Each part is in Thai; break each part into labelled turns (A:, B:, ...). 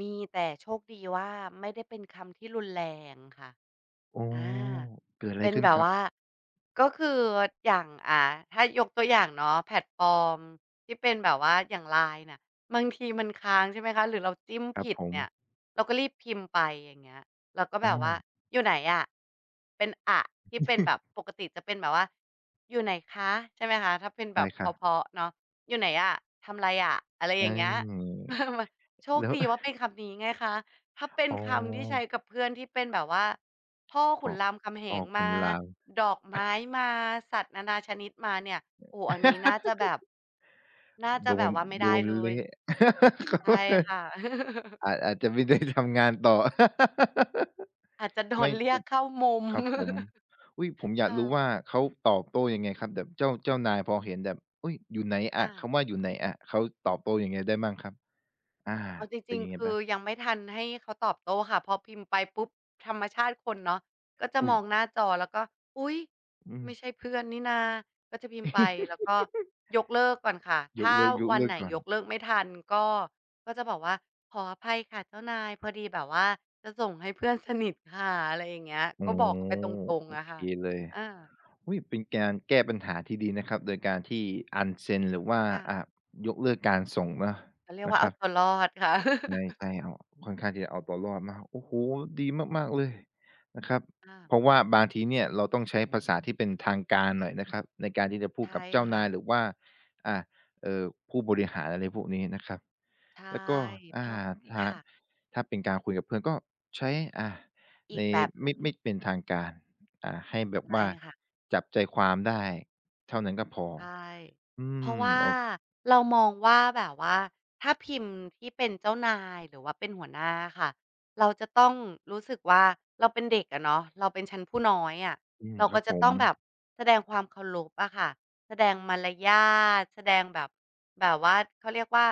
A: มีแต่โชคดีว่าไม่ได้เป็นคำที่รุนแรงค่ะ
B: อ๋อ
A: อา
B: เกิดอะ
A: เ
B: ไ
A: ป
B: ร
A: ็น
B: ขึ้
A: แ
B: น
A: บ
B: ค
A: บ
B: รั
A: ว
B: บ?
A: ่า ก็คืออย่าง อา ถ้ายกตัวอย่างเนาะ แพลตฟอร์มที่เป็นแบบว่าอย่างไลน์น่ะ บางทีมันค้าง ใช่ไหมคะ หรือเราจิ้ม
B: คร
A: ผ
B: ับ
A: ิด
B: ผ
A: เนี่ย
B: ม
A: เราก็รีบพิมพ์ไป อย่างเงี้ย แล้วก็
B: อ
A: แบบว่า
B: า
A: อยู่ไหนอะ เป็นอะ ที่เป็นแบบปกติจะเป็นแบบว่า อยู่ไหนคะ ใช่ไหมคะ ถ้าเป็น
B: ไ
A: แ
B: ด
A: บ
B: ้
A: บ
B: ค
A: เพ
B: รับ
A: ราะ ๆ เนาะ อยู่ไหนอะ ทำไรอะ อะไรอ
B: อ
A: ย
B: า
A: ่างเงี้ย โช
B: แ
A: ค
B: ล้ว
A: ดีว่าเป็นคำนี้ไงคะ ถ้าเป็น
B: อ๋
A: คำที่ใช
B: อ
A: ้กับเพื่อนที่เป็นแบบว่าพ่อข
B: พ
A: ุ
B: อ
A: นรามคำแห
B: พอ
A: ง
B: ค
A: ม
B: น
A: า
B: ลาว
A: ดอกไม้มา สัตว์นานาชนิดมาเนี่ย โอ้ อันนี้น่าจะแบบ น่าจะ
B: โด
A: แบบ
B: น
A: ว่าไม่ไ
B: โด
A: ด้
B: น
A: เล
B: เล
A: ย
B: ะ
A: ใช่ค่ะ
B: อาจ อาจจะ ไม่ได้ทำงานต่อ
A: อาจจะโด
B: ไม่
A: นเรี
B: ค
A: ยกเข้ามุม
B: ครับผม อุ๊ย ผมอย
A: ค
B: าก
A: ่
B: รู้ว่า
A: ะ
B: เขาตอบโต้ยังไงครับ? แบบเจ้า เจ้านายพอเห็นแบบ อุ๊ย อยู่ไหนอ
A: ค
B: ะ
A: ่
B: ค
A: ะ
B: ำว่าอยู่ไหนอะ เขาตอบโต้ยังไงได้บ้างครับ? อา
A: เอาจ
B: เป็
A: ริ
B: น
A: ง
B: ยังไง
A: ๆ ค
B: เป
A: ื
B: ล่
A: อ
B: า?
A: ยังไม่ทันให้เขาตอบโต้ค่ะ พอพิมพ์ไปปุ๊บ ธรรมชาติคนเนาะ ก็จะ
B: อุ๊
A: ม
B: ย
A: องหน้าจอแล้วก็ อุ๊ย
B: อื
A: ไม่
B: ม
A: ใช่เพื่อนนี่นา ก็จะพิมพ์ไป แล้วก็ยกเลิกก่อนค่ะ ถ
B: ย
A: ้
B: ก
A: า
B: เลิก ย
A: ว
B: ก
A: ั
B: เ
A: น
B: ลิ
A: ไห
B: ก
A: น
B: ก่อน
A: ยกเลิกไม่ทันก็ ก็จะบอกว่า "ขออภัยค่ะเจ้านาย พอดีแบบว่าจะส่งให้เพื่อนสนิทค่ะ" อะไรอย่างเงี้ย
B: อ๋อ
A: ก็บอกเขาไปตรง
B: โอ
A: ๆ อะ
B: เ
A: ค
B: ค
A: ่ะ
B: เลย
A: อา
B: อุ๊ย เป็นการแก้ปัญหาที่ดีนะครับ โดยการที่ unsend หรือว่า
A: ค่ะ
B: อา ยกเลิกการส่งเนาะ
A: เขาเรียก
B: น
A: ว
B: ะ
A: ่า
B: ค
A: เอ
B: ร
A: า
B: ับ
A: ตัวรอดค่ะ
B: ใช่ ๆ เอา ค่อนข้างที่จะเอาตัวรอดมาก โอ้โฮ! ดีมาก ๆ เลยนะครับ
A: ค่ะ
B: เพราะว่าบางทีเนี่ยเราต้องใช้ภาษาที่เป็นทางการหน่อยนะครับ ในการที่จะพ
A: ใ
B: ู
A: ช
B: ด
A: ่
B: กับเจ้า
A: ค
B: น
A: ่
B: า
A: ะ
B: ย หรือว่า อา เอ่อ ผู้บริหาร อะไรพวกนี้นะครับ
A: ใช่
B: แล้วก็ อ
A: พ
B: า
A: อ
B: ถ
A: ค
B: ้า
A: ่ะ
B: ถ้าเป็นการคุยกับเพื่อนก็ใช้ อา
A: อ
B: ใ
A: ี
B: น
A: กแบบห
B: ไ
A: น
B: ม
A: ึ
B: ่
A: ่ง
B: ไม่เป็นทางการ อา ให้แบ
A: ใช
B: บ
A: ่
B: ว่า
A: ค่ะ
B: จับใจความได้เท่านั้นก็พอ
A: ใช่
B: อื
A: เพราะ
B: ม
A: ว่า
B: โอ
A: เรามองว่า แบบว่าถ้าพิมพ์ที่เป็นเจ้านาย หรือว่าเป็นหัวหน้าอะค่ะ เราจะต้องรู้สึกว่า เราเป็นเด็กอะเนาะ เราเป็นชั้นผู้น้อยอะ
B: อืม
A: เรา
B: คร
A: ก
B: ั
A: ็
B: บ
A: จ
B: ผ
A: ะต
B: ม
A: ้องแบบแสดงความเคารพอะค่ะ แสดงมารยาท แสดงแบบ แบบว่าเขาเรียกว่า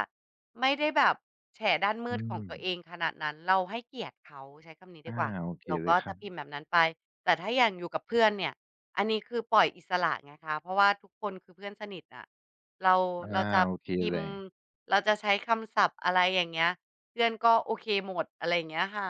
A: ไม่ได้แบบแฉด้านม
B: อ
A: ื
B: ื
A: ดของตัวเ
B: ม
A: องขนาดนั้น เราให้เกียรติเขาใช้คำนี้
B: อ
A: ด
B: ่
A: ี
B: า
A: กว่า
B: โอเค
A: เรา
B: เล
A: ก็
B: ยค
A: จ
B: ร
A: ะ
B: ั
A: พ
B: บ
A: ิมพ์แบบนั้นไป แต่ถ้าอย่างอยู่กับเพื่อนเนี่ย อันนี้คือปล่อยอิสระไงนะคะ เพราะว่าทุกคนคือเพื่อนสนิทอะ เรา
B: อ่า
A: เราจะ
B: โอเค
A: พิ
B: เล
A: มพ์
B: ย
A: เราจะใช้คำศัพท์ อะไรอย่างเงี้ย เพื่อนก็โอเคหมด อะไรอย่างเงี้ยค่ะ